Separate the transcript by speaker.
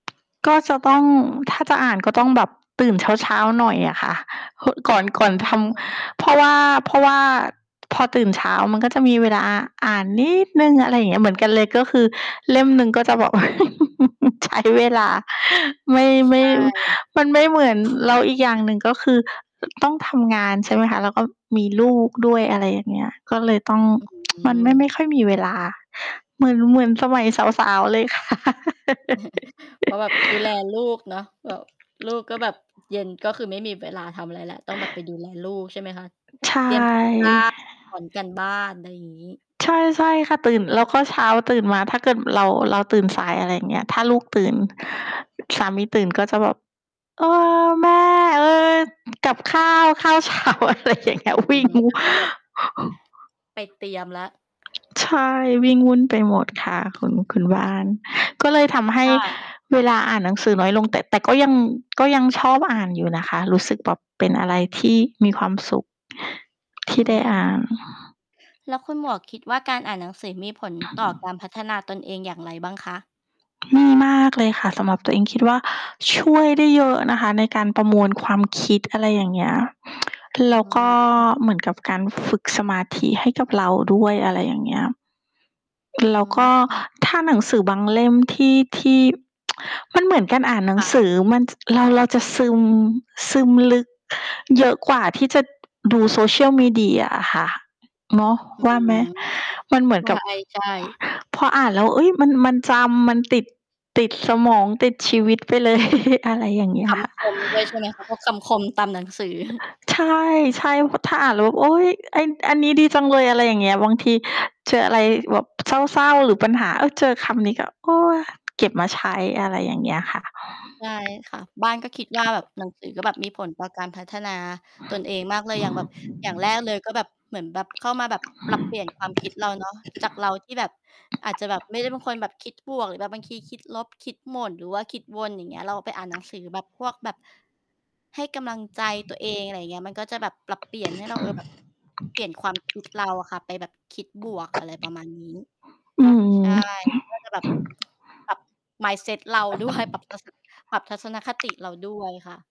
Speaker 1: ก็จะต้อง ถ้าจะอ่านก็ต้องแบบตื่นเช้า ๆ หน่อยอะค่ะ คึ ก่อน
Speaker 2: อื
Speaker 1: ก่อนท
Speaker 2: ม
Speaker 1: ำ เพราะว่า เพราะว่าพอตื่นเช้ามันก็จะมีเวลาอ่านนิดหนึ่ง อะไรเงี้ย เหมือนกันเลย ก็คือเล่มหนึ่งก็จะแบบ ใช้ เวลา ไม่
Speaker 2: ใช
Speaker 1: ไม่
Speaker 2: ่
Speaker 1: มันไม่เหมือน แล้วอีกอย่างหนึ่งก็คือ อ ต้องทำงาน ใช่ไหมคะ แล้วก็มีลูกด้วย อะไรอย่างเงี้ย ก็เลยต้อง
Speaker 2: อื
Speaker 1: มันไม่ ไม
Speaker 2: ม
Speaker 1: ่ค่อยมีเวลาเหมือน เหมือนสมัยสาว ๆ เลย ค่ะ
Speaker 2: เพราะแบบดูแลลูกเนาะ แบบ ลูกก็แบบ เย็นก็คือไม่มีเวลาทำอะไรแล้ว ต้องแบบไปดูแลลูก ใช่ไหมคะ
Speaker 1: ใช่
Speaker 2: เตรียม การ บ้าน สอนการบ้าน อะไรงี้
Speaker 1: ใช่ ๆ ค่ะ ตื่น แล้วก็เช้าตื่นมาถ้าเกิดเรา เราตื่นสาย อะไรอย่างเงี้ย ถ้าลูกตื่น สามีตื่นก็จะแบบ "เออ แม่ เออ กับข้าว ข้าว เช้า" อะไรอย่างเงี้
Speaker 2: อ
Speaker 1: ย
Speaker 2: ื
Speaker 1: วิ
Speaker 2: อ
Speaker 1: ่ง
Speaker 2: ฮึ แล้วก็แบบ ไปเตรียมแล้ว
Speaker 1: ใช่ วิ่งวุ่นไปหมดค่ะคุณ คุณบ้าน ก็เลยทำให้
Speaker 2: ค่ะ
Speaker 1: เวลาอ่านหนังสือน้อยลง แต่ แต่ก็ยัง ก็ยังชอบอ่านอยู่นะคะ รู้สึกแบบเป็นอะไรที่มีความสุข ท
Speaker 2: อื
Speaker 1: ี่ได้
Speaker 2: ม
Speaker 1: อ่าน
Speaker 2: แล้วคุณหมวกคิดว่า การอ่านหนังสือมีผลต่อการพัฒนาตนเองอย่างไรบ้างคะ?
Speaker 1: มีมากเลยค่ะสำหรับตัวเอง คิดว่าช่วยได้เยอะนะคะในการประมวลความคิด อะไรอย่างเงี้ย
Speaker 2: อ
Speaker 1: แ
Speaker 2: ื
Speaker 1: ล้
Speaker 2: อ
Speaker 1: ว
Speaker 2: ฮ
Speaker 1: ก็
Speaker 2: ึ
Speaker 1: เหมือนกับการฝึกสมาธิให้กับเราด้วย อะไรอย่างเงี้ย
Speaker 2: อื
Speaker 1: แล้ว
Speaker 2: ม
Speaker 1: ก็
Speaker 2: อือ
Speaker 1: ถ้าหนังสือบางเล่มที่ ที่ มันเหมือนการอ่านหนั
Speaker 2: ค
Speaker 1: ง
Speaker 2: ่
Speaker 1: ส
Speaker 2: ะ
Speaker 1: ือมัน ส ร เราจะซึม ซึมลึกเยอะกว่าที่จะดู Social Media อะค่ะ เนาะ
Speaker 2: อื้อ
Speaker 1: ว่าไห
Speaker 2: ฮ
Speaker 1: ม?
Speaker 2: ือ
Speaker 1: มันเหมือนกับ
Speaker 2: ใช่ ๆ
Speaker 1: พออ่านแล้ว เฮ่ย มัน มันจำ มันติด ติดสมอง ติดชีวิตไปเลย อะไรอย่างเงี้
Speaker 2: ค
Speaker 1: ยค่ะ
Speaker 2: ำคมด้วยใช่ไหมคะ? พวกคำคมตามหนังสือ
Speaker 1: ใช่ ๆ ว ถ้าอ่านแล้ว โอ๊ย ไอ้ อันนี้ดีจังเลย อะไรอย่างเงี้ย บางทีเจออะไรแบบเศร้า ๆ หรือปัญหา เฮ่ย เจอคำนี้ก็ โอ๊ย เก็บมาใช้ อะไรอย่างเงี้ยค่ะ
Speaker 2: ใช่ค่ะ บ้านก็คิดว่าแบบหนังสือก็แบบมีผลต่อการพัฒนา ตนเองมากเลยอย่างแบบ อย่างแรกเลยก็แบบ เหมือนแบบเข้ามาแบบปรับเปลี่ยนความคิดเรา เนาะ จากเราที่แบบ อาจจะแบบไม่ได้เป็นคนคิดบวก หรือบางทีคิดลบ คิดหม่น หรือว่าคิดวน อย่างเงี้ย เราไปอ่านหนังสือแบบพวกแบบ ให้กำลังใจ ตัวเอง อะไรอย่างเงี้ย มันก็จะแบบปรับเปลี่ยนให้เรา เออ แบบ เปลี่ยนความคิด เราอะค่ะไปแบบคิดบวก อะไรประมาณนี้
Speaker 1: อือ
Speaker 2: ใช่ ก็จะแบบ ปรับ mindset เราด้วย ปรับทัศสะ ปรับทัศนคติเรา ด้วยค่ะ